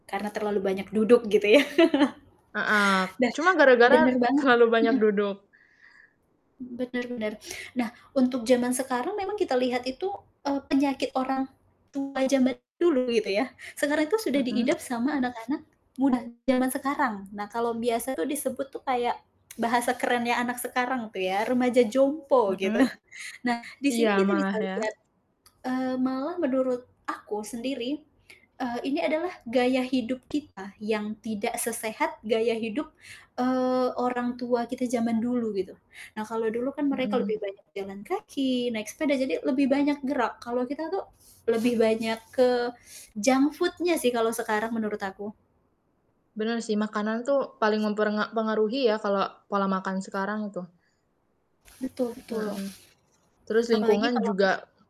Karena terlalu banyak duduk gitu ya. Heeh, cuma Be gara-gara benar banget. terlalu banyak Mhm. duduk. Benar benar. Nah untuk zaman sekarang memang kita lihat itu, eee, penyakit orang tua zaman dulu gitu ya, sekarang itu sudah Mhm. diidap sama anak-anak muda zaman sekarang. Nah kalau biasa tuh disebut tuh kayak bahasa kerennya anak sekarang tuh ya, remaja jompo gitu. Mhm. Nah di Iya sini kita bisa malah ya. lihat, eee, malah menurut aku sendiri, eee, ini adalah gaya hidup kita yang tidak sesehat gaya hidup, eee, orang tua kita zaman dulu, gitu. Nah kalau dulu kan mereka lebih Mhm. banyak jalan kaki, naik sepeda, jadi lebih banyak gerak, kalau kita tuh lebih banyak ke junk food-nya sih kalau sekarang menurut aku. Bener sih, makanan tuh paling memperenga pengaruhi ya kalau pola makan sekarang itu. Betul betul, Mhm. Terus apalagi lingkungan kalau bisa juga